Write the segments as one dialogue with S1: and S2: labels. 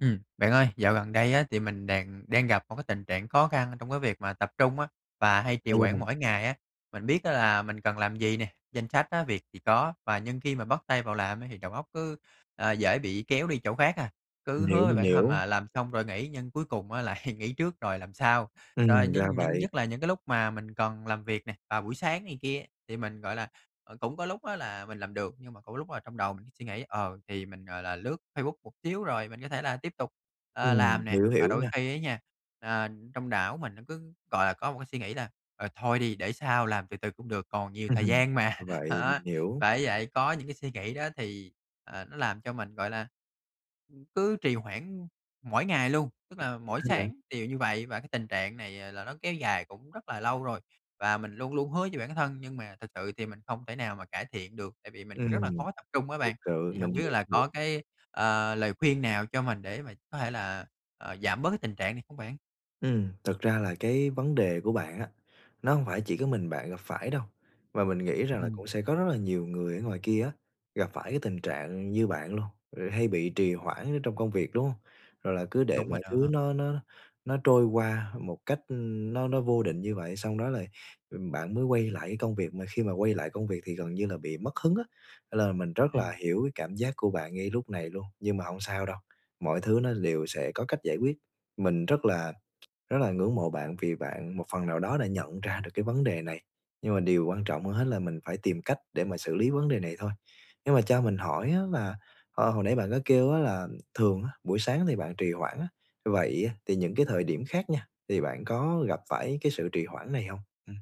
S1: Ừm, bạn ơi, dạo gần đây á thì mình đàng đang gặp một cái tình trạng khó khăn trong cái việc mà tập trung á, và hay trì hoãn
S2: [unintelligible]
S1: mỗi ngày á. Mình biết á là mình cần làm gì nè, danh sách, á, việc thì có và nhưng khi mà bắt tay vào làm ấy thì đầu óc cứ, ờ, dễ bị kéo đi chỗ khác à, cứ
S2: Mình hiểu,
S1: hứa với
S2: mình
S1: bản thân
S2: hiểu.
S1: là làm xong rồi nghỉ nhưng cuối cùng á lại nghỉ trước rồi làm sau. Rồi
S2: Ừm, ra
S1: nhưng những
S2: vậy.
S1: nhất là những cái lúc mà mình cần làm việc nè, vào buổi sáng này kia, thì mình, gọi là, ờ, cũng có lúc á là mình làm được, nhưng mà cũng có lúc là trong đầu mình suy nghĩ, ờ, thì mình, gọi là, lướt Facebook một xíu rồi mình có thể là tiếp tục, ờ, làm
S2: Ừm,
S1: nè.
S2: hiểu,
S1: Và
S2: hiểu
S1: đôi
S2: nha.
S1: khi á nha, ờ, trong não mình nó cứ, gọi là, có một cái suy nghĩ là "Ờ, thôi đi để sau làm từ từ cũng được, còn
S2: Ừm
S1: nhiều thời
S2: [unintelligible]
S1: gian mà."
S2: vậy mình hiểu.
S1: Bởi vậy, có những cái suy nghĩ đó thì, ờ, nó làm cho mình, gọi là, ừm, cứ trì hoãn mỗi ngày luôn, tức
S2: [unintelligible]
S1: là
S2: Vậy
S1: mỗi
S2: hả bạn?
S1: sáng đều như vậy. Và cái tình trạng này, ờ, là nó kéo dài cũng rất là lâu rồi, và mình luôn luôn hứa với bản thân nhưng mà thực sự thì mình không thể nào mà cải thiện được, tại vì mình rất là
S2: Ừm.
S1: khó tập trung á
S2: Thiệt
S1: bạn.
S2: sự,
S1: Thì hông
S2: mình
S1: biết
S2: hiểu,
S1: là
S2: hiểu.
S1: có cái, ờ, lời khuyên nào cho mình để mà có thể là, ờ, giảm bớt cái tình trạng này không bạn?
S2: Ừm, thực ra là cái vấn đề của bạn á, nó hông phải chỉ có mình bạn gặp phải đâu và mình nghĩ rằng là
S1: Ừm.
S2: cũng sẽ có rất là nhiều người ở ngoài kia á, gặp phải cái tình trạng như bạn luôn, ừ, hay bị trì hoãn ở trong công việc, đúng hông? Rồi là cứ để
S1: Đúng rồi
S2: mọi thứ
S1: đó.
S2: nó nó nó trôi qua một cách, ưm, nó nó vô định như vậy, xong đó lại, ừm, bạn mới quay lại cái công việc, mà khi mà quay lại công việc thì gần như là bị mất hứng á. Nên là mình rất là
S1: Ừm.
S2: hiểu cái cảm giác của bạn ngay lúc này luôn, nhưng mà hông sao đâu, mọi thứ nó đều sẽ có cách giải quyết. Mình rất là rất là ngưỡng mộ bạn vì bạn một phần nào đó đã nhận ra được cái vấn đề này, nhưng mà điều quan trọng hơn hết là mình phải tìm cách để mà xử lý vấn đề này thôi. Nhưng mà cho mình hỏi á là, ờ, hồi nãy bạn có kêu á là thường á, buổi sáng thì bạn trì hoãn á, vậy á thì những cái thời điểm khác nha, thì bạn có gặp phải cái sự trì hoãn này hông? Ừm.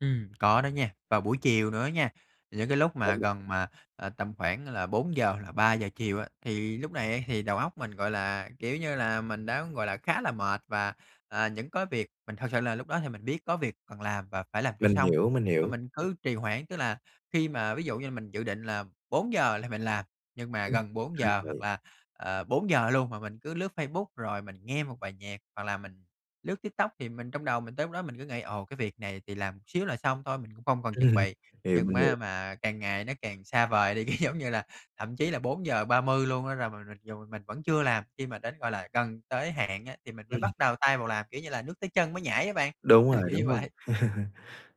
S1: Ừm, có đó nha, vào buổi chiều nữa á nha, những cái lúc mà
S2: [unintelligible]
S1: gần mà, ờ, tầm khoảng là 4:00 là 3:00 chiều á, thì lúc này á thì đầu óc mình, gọi là, kiểu như là, mình đã, gọi là, khá là mệt và, à, những cớ việc mình thực sự là lúc đó thì mình biết có việc cần làm và phải làm cho
S2: Mình
S1: xong
S2: hiểu, mình
S1: mà
S2: hiểu.
S1: mình cứ trì hoãn. Tức là khi mà ví dụ như là mình dự định là 4:00 là mình làm, nhưng mà
S2: Ừm,
S1: gần bốn
S2: ra
S1: giờ hoặc
S2: vậy.
S1: là, ờ, 4:00 luôn mà mình cứ lướt Facebook, rồi mình nghe một bài nhạc hoặc là mình lướt TikTok thì mình trong đầu mình tới lúc đó mình cứ nghĩ: "Ồ, cái việc này thì làm xíu là xong thôi, mình cũng không cần chuẩn
S2: Ừm.
S1: bị."
S2: Hiểu,
S1: Nhưng
S2: mình
S1: ma
S2: hiểu.
S1: mà càng ngày nó càng xa vời đi, cái giống như là thậm chí là 4:30 luôn á r mà mặc dù m mình vẫn chưa làm. Khi mà đến, gọi là, gần tới hạn á, thì mình mới
S2: Ừm.
S1: bắt đầu tay vào làm, kiểu như là nước tới chân mới nhảy á bạn,
S2: Đúng rồi,
S1: kiểu như
S2: đúng rồi.
S1: vậy.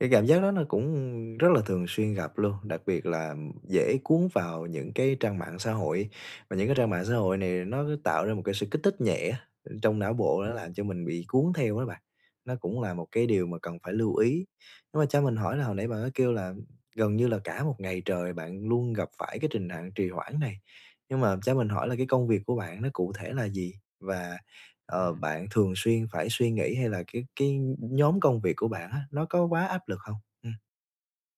S2: Cái cảm giác đó nó cũng rất là thường xuyên gặp luôn, đặc biệt là dễ cuốn vào những cái trang mạng xã hội, và những cái trang mạng xã hội này nó tạo ra một cái sự kích thích nhẹ á, ơ, trong não bộ, nó
S1: Ừm.
S2: làm cho mình bị cuốn theo đó bạn, nó cũng là một cái điều mà cần phải lưu ý. Nhưng mà cho mình hỏi là hồi nãy bạn có kêu là gần như là cả một ngày trời bạn luôn gặp phải cái trình nặng trì hoãn này, nhưng mà cho mình hỏi là cái công việc của bạn nó cụ thể là gì? Và, ờ,
S1: Ừm.
S2: bạn thường xuyên phải suy nghĩ hay là cái cái nh nhóm công việc của bạn á, nó có quá áp lực hông? Ừm.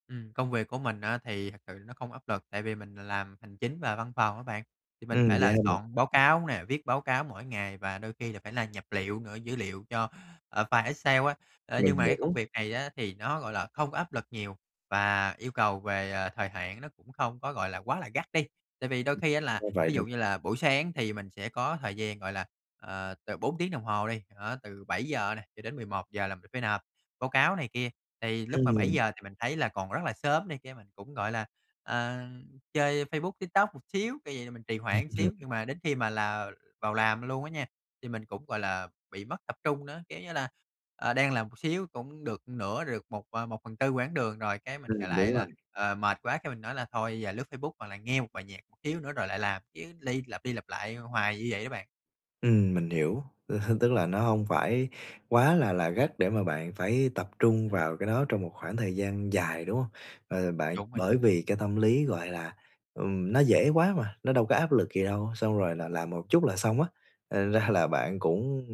S1: Ừm, công việc của mình á, thì thật sự là nó không áp lực, tại vì mình làm hành chính và văn phòng á bạn, thì mình phải
S2: Ừm, vậy
S1: là
S2: hả bạn.
S1: soạn báo cáo nè, viết báo cáo mỗi ngày và đôi khi là phải là nhập liệu nữa, dữ liệu cho, ờ, file Excel á. Ơ,
S2: Mình
S1: nhưng mà cái công
S2: hiểu.
S1: việc này á, thì nó, gọi là, không có áp lực nhiều và yêu cầu về, ờ, thời hạn nó cũng không có, gọi là, quá là gắt đi, tại vì đôi khi á là
S2: Có vậy
S1: ví dụ
S2: thôi
S1: như
S2: [unintelligible]
S1: là buổi sáng thì mình sẽ có thời gian, gọi là, ờ, từ 4 tiếng đồng hồ đi, đó, từ 7:00 nè cho đến 11:00 là mình phải nộp báo cáo này kia. Thì lúc mà bảy
S2: Ừm.
S1: giờ thì mình thấy là còn rất là sớm này kia, mình cũng, gọi là, ờ, chơi Facebook, TikTok một xíu, kiểu vậy là mình trì hoãn xíu, nhưng mà đến khi mà là vào làm luôn á nha, thì mình cũng, gọi là, bị mất tập trung nữa, kiểu như là, ờ, đang làm một xíu cũng được nửa, được một à, 1/4 quãng đường rồi, cái mình, gọi
S2: Ừm,
S1: lại
S2: đúng
S1: là,
S2: rồi.
S1: ờ, mệt quá cái mình nói là: "Thôi, giờ lướt Facebook hoặc là nghe một bài nhạc một xíu nữa rồi lại làm." Chứ ly lặp đi lặp lại, ơ, hoài như vậy đó bạn.
S2: Ừm, mình hiểu, ơ, h tức là nó hông phải quá là là gắt để mà bạn phải tập trung
S1: Ừm.
S2: vào cái đó trong một khoảng thời gian dài, đúng hông? Ờ, bạn,
S1: Đúng rồi đó.
S2: bởi vì cái tâm lý, gọi là, ừm, nó dễ quá mà, nó đâu có áp lực gì đâu, xong rồi là làm một chút là xong á, thành ra là bạn cũng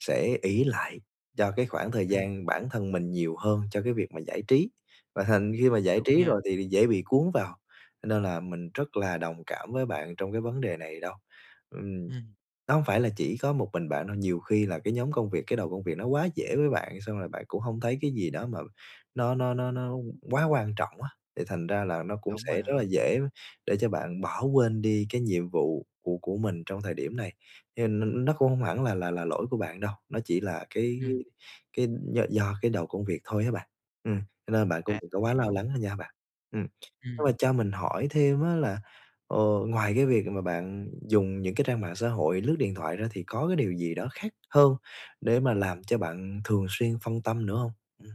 S2: sẽ ỷ lại cho cái khoảng thời
S1: Ừm.
S2: gian bản thân mình nhiều hơn cho cái việc mà giải trí, và thành khi mà giải
S1: Đúng
S2: trí
S1: nha.
S2: rồi thì thì dễ bị cuốn vào, cho nên là mình rất là đồng cảm với bạn trong cái vấn đề này đó, ừm.
S1: Ừm.
S2: Đó không phải là chỉ có một mình bạn đâu, nhiều khi là cái nhóm công việc, cái đầu công việc nó quá dễ với bạn xong rồi bạn cũng hông thấy cái gì đó mà nó nó nó nó quá quan trọng á, thì thành ra là nó cũng
S1: Đúng
S2: sẽ
S1: rồi
S2: rất là
S1: đó.
S2: dễ để cho bạn bỏ quên đi cái nhiệm vụ của của mình trong cái thời điểm này, hiền n nó cũng hông hẳn là là là lỗi của bạn đâu, nó chỉ là cái
S1: Ừm.
S2: cái cái d do cái đầu công việc thôi á bạn. Ừm, cho nên bạn cũng
S1: À,
S2: đừng có
S1: mình
S2: quá lo
S1: hiểu.
S2: lắng nữa nha bạn, ừm. [unintelligible] là
S1: Ừm.
S2: cho mình hỏi thêm á là, ờ, ngoài cái việc mà bạn dùng những cái trang mạng xã hội lướt điện thoại ra thì có cái điều gì đó khác hơn để mà làm cho bạn thường xuyên phân tâm nữa hông? Ừm.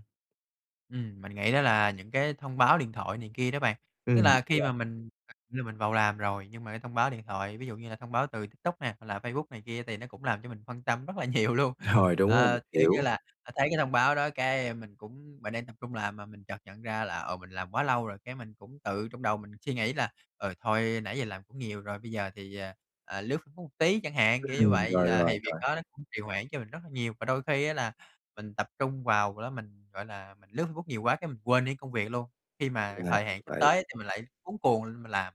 S1: Ừm, mình nghĩ đó là những cái thông báo điện thoại này kia đó bạn. Tức
S2: Ừm.
S1: là khi
S2: [unintelligible]
S1: mà mình như mình vào làm rồi nhưng mà cái thông báo điện thoại, ví dụ như là thông báo từ TikTok nè, hoặc là Facebook này kia thì nó cũng làm cho mình phân tâm rất là nhiều luôn.
S2: Rồi, đúng rồi,
S1: Ờ, kiểu như
S2: hiểu.
S1: là, thấy cái thông báo đó cái, ơ, mình cũng mình đang tập trung làm mà mình chợt nhận ra là, ờ, mình làm quá lâu rồi, cái mình cũng tự trong đầu mình suy nghĩ là, ừ, thôi nãy giờ làm cũng nhiều rồi, bây giờ thì, ờ, ờ, lướt Facebook một tí chẳng hạn, kiểu như
S2: Ừm,
S1: vậy,
S2: rồi,
S1: là
S2: rồi,
S1: thì việc
S2: rồi.
S1: đó nó cũng trì hoãn cho mình rất là nhiều. Và đôi khi á là mình tập trung vào đó, mình, gọi là, mình lướt Facebook nhiều quá cái mình quên đi công việc luôn, khi mà
S2: Là
S1: thời hạn sắp
S2: vậy.
S1: tới thì mình lại cuống cuồng lên mình làm.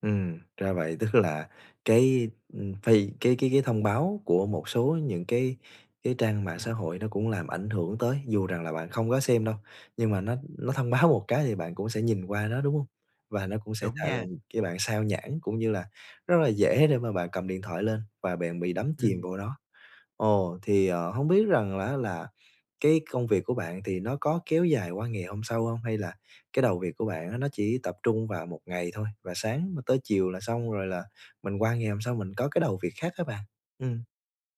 S2: Ừm, ra vậy, tức là cái, ư, phi cái cái cái thông báo của một số những cái cái trang mạng xã
S1: Ừm.
S2: hội nó cũng làm ảnh hưởng tới, dù rằng là bạn không có xem đâu, nhưng mà nó nó thông báo một cái thì bạn cũng sẽ nhìn qua nó, đúng hông? Và nó cũng sẽ
S1: Đúng
S2: chà
S1: nha.
S2: làm cho bạn sao nhãng cũng như là rất là dễ để mà bạn cầm điện thoại lên và bạn bị đắm chìm
S1: Ừm.
S2: vô đó. Ồ, thì, ờ, hông biết rằng á là cái công việc của bạn thì nó có kéo dài qua ngày hôm sau hông? Hay là cái đầu việc của bạn á nó chỉ tập trung vào 1 ngày thôi, và sáng tới chiều là xong rồi là mình qua ngày hôm sau mình có cái đầu việc khác hả bạn? Ừm.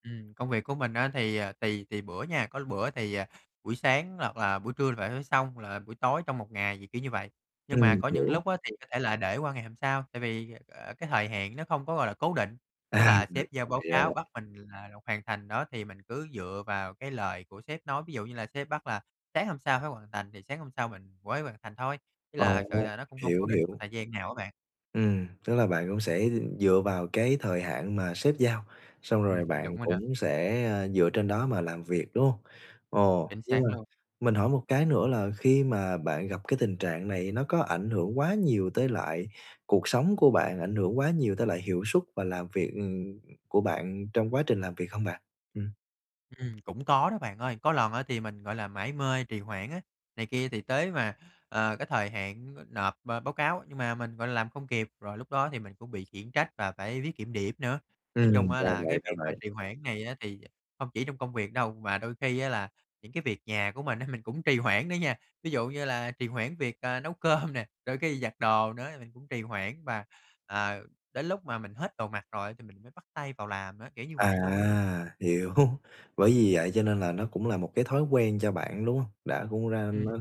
S1: Ừm. Công việc của mình á thì, à, tùy tùy bữa nha, có bữa thì buổi sáng hoặc là buổi trưa phải thấy xong là buổi tối trong 1 ngày, thì kiểu như vậy.
S2: Ừm,
S1: Nhưng mà
S2: mình
S1: có những
S2: hiểu.
S1: lúc á thì có thể là để qua ngày hôm sau, tại vì, à, cái thời hạn nó không có, gọi là, cố định. Tức
S2: À!
S1: là
S2: Thì ra
S1: sếp giao báo
S2: vậy, ra
S1: cáo
S2: vậy.
S1: bắt mình thì là rồi hoàn thành đó, thì mình cứ dựa vào cái lời của sếp nói, ví dụ như là sếp bắt là sáng hôm sau phải hoàn thành thì sáng hôm sau mình mới hoàn thành thôi, với là thực sự
S2: Ồ!
S1: là nó cũng hông cố
S2: Hiểu,
S1: định một
S2: hiểu.
S1: thời gian nào á bạn.
S2: Ừm, tức là bạn cũng sẽ, ừm, dựa vào cái thời hạn mà sếp giao, xong rồi
S1: Ừm, đúng
S2: bạn
S1: rồi đó.
S2: cũng sẽ, à, dựa trên đó mà làm việc, đúng hông? Ồ,
S1: Chính
S2: nhưng
S1: xác
S2: mà
S1: luôn.
S2: mình hỏi một cái nữa là khi mà bạn gặp cái tình trạng này, nó có ảnh hưởng quá nhiều tới lại cuộc sống của bạn, ảnh hưởng quá nhiều tới lại hiệu suất và làm việc, ừm, của bạn trong quá trình làm việc hông bạn? Ừm.
S1: Ừm. Cũng có đó bạn ơi, có lần á thì mình, gọi là, mải mê trì hoãn á này kia thì tới mà, ờ, cái thời hạn n nộp b báo cáo, nhưng mà mình, gọi là, làm không kịp, rồi lúc đó thì mình cũng bị khiển trách và phải viết kiểm điểm nữa. Nói chung
S2: Ừm,
S1: á
S2: ra
S1: là cái
S2: vậy, ra
S1: việc mà
S2: vậy.
S1: trì hoãn này á thì không chỉ trong công việc đâu, mà đôi khi á là những cái việc nhà của mình á, mình cũng trì hoãn đó nha. Ví dụ như là trì hoãn việc, ờ, nấu cơm nè, đôi khi giặt đồ nữa thì mình cũng trì hoãn và, à, đến lúc mà mình hết đồ mặc rồi thì mình mới bắt tay vào làm á, kiểu như
S2: À!
S1: vậy luôn á.
S2: Hiểu. Bởi vì vậy cho nên là nó cũng là một cái thói quen cho bạn, đúng hông? Đã cũng ra nó
S1: Ừm.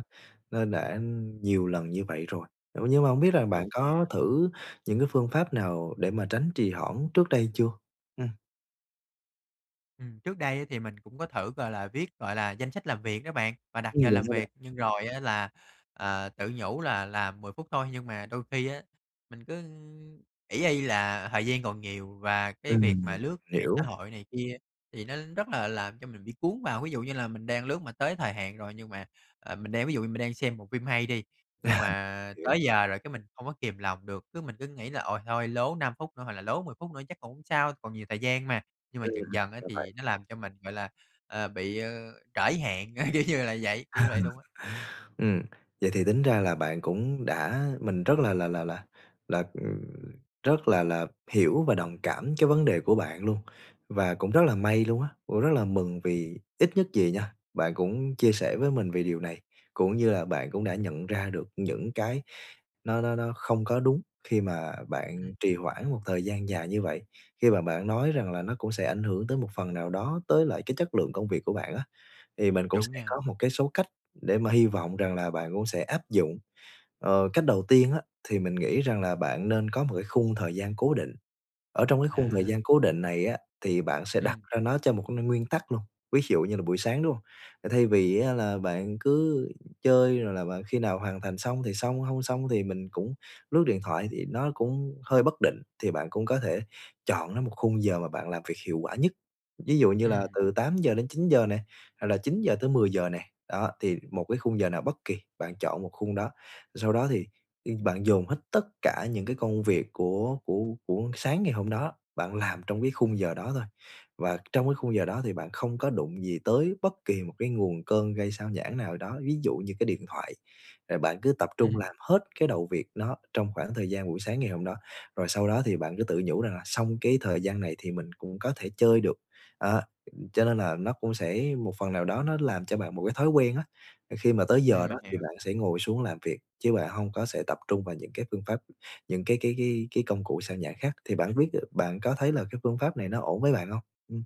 S2: nó đã, ừm, nhiều lần như vậy rồi, ờ, nhưng mà hông biết là bạn
S1: Đúng nha!
S2: có thử những cái phương pháp nào để mà tránh trì hoãn trước đây chưa? Ừm.
S1: Ừm, trước đây á thì mình cũng có thử gọi là viết, gọi là, danh sách làm việc đó bạn và đặt giờ
S2: Ừm, làm
S1: làm
S2: sao
S1: việc,
S2: bạn?
S1: nhưng rồi á là, ờ, tự nhủ là là 10 phút thôi nhưng mà đôi khi á, mình cứ ỷ y là thời gian còn nhiều và cái
S2: Ừm,
S1: việc mà
S2: mình
S1: lướt mạng xã
S2: hiểu.
S1: hội này kia thì nó rất là làm cho mình bị cuốn vào. Ví dụ như là mình đang lướt mà tới thời hạn rồi nhưng mà, ờ, mình đang ví dụ như mình đang xem bộ phim hay đi, nhưng mà
S2: Hiểu.
S1: tới giờ rồi cái mình không có kiềm lòng được, cứ mình cứ nghĩ là ôi thôi lố 5 phút nữa hoặc là lố 10 phút nữa chắc cũng không sao, còn nhiều thời gian mà. Nhưng mà dần
S2: Ừm,
S1: dần á
S2: ra vậy.
S1: thì nó làm cho mình, gọi là, ờ, bị, ờ, trễ hạn, kiểu như là vậy kiểu như vậy luôn á.
S2: Ừm, vậy thì tính ra là bạn cũng đã mình rất là là là là là, ừ, rất là là hiểu và đồng cảm cái vấn đề của bạn luôn, và cũng rất là may luôn á, cũng rất là mừng vì ít nhất gì nha, bạn cũng chia sẻ với mình vì điều này, cũng như là bạn cũng đã nhận ra được những cái nó nó nó không có đúng khi mà
S1: Ừ.
S2: bạn trì hoãn một thời gian dài như vậy. Khi mà bạn nói rằng là nó cũng sẽ ảnh hưởng tới một phần nào đó tới lại cái chất lượng công việc của bạn á, thì mình cũng
S1: Đúng
S2: sẽ
S1: nha.
S2: có một cái số cách để mà hy vọng rằng là bạn cũng sẽ áp dụng. Ờ, cách đầu tiên á thì mình nghĩ rằng là bạn nên có một cái khung thời gian cố định, ở trong cái khung thời gian
S1: À.
S2: cố định này á thì bạn sẽ đặt
S1: Ừm.
S2: ra nó cho một cái nguyên tắc luôn, ví dụ như là buổi sáng, đúng không? Thay vì á là bạn cứ chơi rồi là bạn khi nào hoàn thành xong thì xong, không xong thì mình cũng lướt điện thoại thì nó cũng hơi bất định, thì bạn cũng có thể chọn lấy một khung giờ mà bạn làm việc hiệu quả nhất, ví dụ như là
S1: Ừm.
S2: từ 8:00 đến 9:00 nè, hoặc là 9:00 tới 10:00 nè, đó, thì một cái khung giờ nào bất kì, bạn chọn một khung đó. Sau đó thì, ư, bạn dồn hết tất cả những cái công việc của của của sáng ngày hôm đó, bạn làm trong cái khung giờ đó thôi. Và trong cái khung giờ đó thì bạn không có đụng gì tới bất kỳ một cái nguồn cơn gây xao nhãng nào đó, ví dụ như cái điện thoại. Rồi bạn cứ tập trung
S1: Ừm.
S2: làm hết cái đầu việc nó trong khoảng thời gian buổi sáng ngày hôm đó, rồi sau đó thì bạn cứ tự nhủ rằng là xong cái thời gian này thì mình cũng có thể chơi được, đó. Cho nên là nó cũng sẽ một phần nào đó nó làm cho bạn một cái thói quen á, khi mà tới
S1: Ừm,
S2: giờ đó
S1: mình
S2: thì
S1: hiểu.
S2: bạn sẽ ngồi xuống làm việc chứ bạn hông có sẽ tập trung vào những cái phương pháp những cái cái cái cái công cụ sao nhãng khác. Thì bạn biết bạn có thấy là cái phương pháp này nó ổn với bạn hông? Ừm.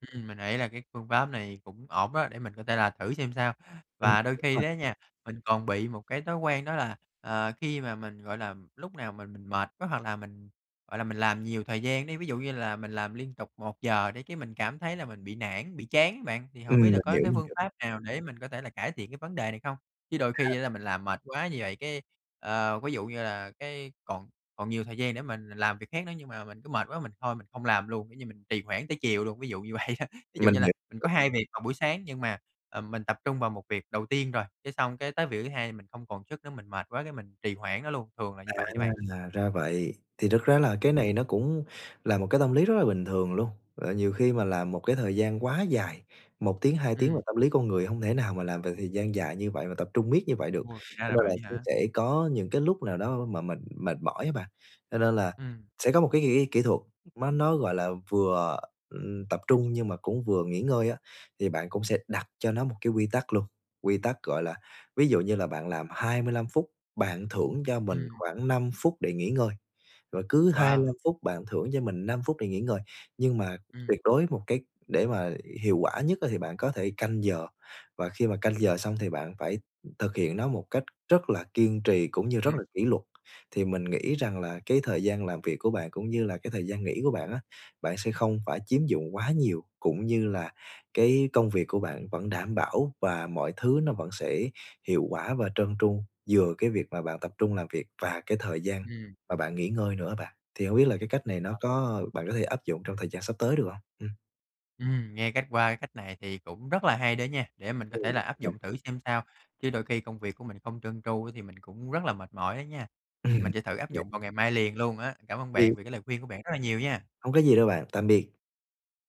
S1: Ừm, mình nghĩ là cái phương pháp này cũng ổn đó để mình có thể là thử xem sao.
S2: Ừm,
S1: Và đôi
S2: đúng
S1: khi
S2: rồi.
S1: đó nha, mình còn bị một cái thói quen đó là, ờ, khi mà mình, gọi là, lúc nào mà mình mệt quá hoặc là mình, gọi là, mình làm nhiều thời gian đi, ví dụ như là mình làm liên tục 1 giờ đi cái mình cảm thấy là mình bị nản, bị chán á bạn. Thì
S2: Ừm,
S1: hổng biết là
S2: mình
S1: có
S2: hiểu,
S1: cái
S2: mình
S1: phương
S2: hiểu.
S1: pháp nào để mình có thể là cải thiện cái vấn đề này không? Chứ đôi
S2: À.
S1: khi á là mình làm mệt quá như vậy, cái, ờ, ví dụ như là cái còn còn nhiều thời gian để mình làm việc khác nữa nhưng mà mình cứ mệt quá mình thôi mình không làm luôn, kiểu như, mình trì hoãn tới chiều luôn, ví dụ như vậy đó. Ví dụ
S2: Mình
S1: như là
S2: hiểu.
S1: mình có 2 việc vào buổi sáng nhưng mà, ờ, mình tập trung vào 1 việc đầu tiên rồi, cái xong cái tới việc thứ hai mình không còn sức nữa, mình mệt quá, cái mình trì hoãn nó luôn, thường là như
S2: À,
S1: vậy đó bạn.
S2: ra vậy. Thì thực ra là cái
S1: Ừm.
S2: này nó cũng là một cái tâm lý rất là bình thường luôn. Ờ, nhiều khi mà làm một cái thời gian quá dài, 1 tiếng, 2 tiếng mà
S1: Ừm.
S2: tâm lý con người hông thể nào mà làm việc thời gian dài như vậy mà tập trung miết như vậy được,
S1: Ôi, thì ra
S2: cho
S1: là
S2: nên là
S1: vậy á
S2: cũng
S1: hả?
S2: sẽ có những cái lúc nào đó mà mình mệt mỏi á bạn. Cho nên là
S1: Ừm.
S2: sẽ có một cái kỹ kỹ thuật, mà nó, gọi là, vừa, ừm, tập trung nhưng mà cũng vừa nghỉ ngơi á, thì bạn cũng sẽ đặt cho nó một cái quy tắc luôn, quy tắc, gọi là ví dụ như là bạn làm 25 phút, bạn thưởng cho mình
S1: Ừm.
S2: khoảng 5 phút để nghỉ ngơi, rồi cứ 25
S1: Wow!
S2: phút bạn thưởng cho mình 5 phút để nghỉ ngơi. Nhưng mà
S1: Ừm.
S2: tuyệt đối một cái để mà hiệu quả nhất á thì bạn có thể canh giờ và khi mà canh giờ xong thì bạn phải thực hiện nó một cách rất là kiên trì cũng
S1: Ừm,
S2: như rất là
S1: ừm.
S2: kỉ luật. Thì mình nghĩ rằng là cái thời gian làm việc của bạn cũng như là cái thời gian nghỉ của bạn á, bạn sẽ không phải chiếm dụng quá nhiều cũng như là cái công việc của bạn vẫn đảm bảo và mọi thứ nó vẫn sẽ hiệu quả và trơn tru, vừa cái việc mà bạn tập trung làm việc và cái thời gian
S1: Ừm.
S2: mà bạn nghỉ ngơi nữa á bạn. Thì hông biết là cái cách này
S1: Ờ.
S2: nó có bạn có thể áp dụng trong thời gian sắp tới được hông? Ừm.
S1: Ừm, nghe cách qua cái cách này thì cũng rất là hay đó nha, để mình có
S2: Ừm.
S1: thể là áp
S2: À.
S1: dụng thử xem sao, chứ đôi khi công việc của mình không trơn tru á thì mình cũng rất là mệt mỏi á nha. Ừm,
S2: Ừm.
S1: mình sẽ thử áp dụng vào ngày mai liền luôn á. Cảm ơn
S2: Thì
S1: bạn vì cái lời khuyên của bạn rất là nhiều nha.
S2: Hông có gì đâu bạn, tạm biệt!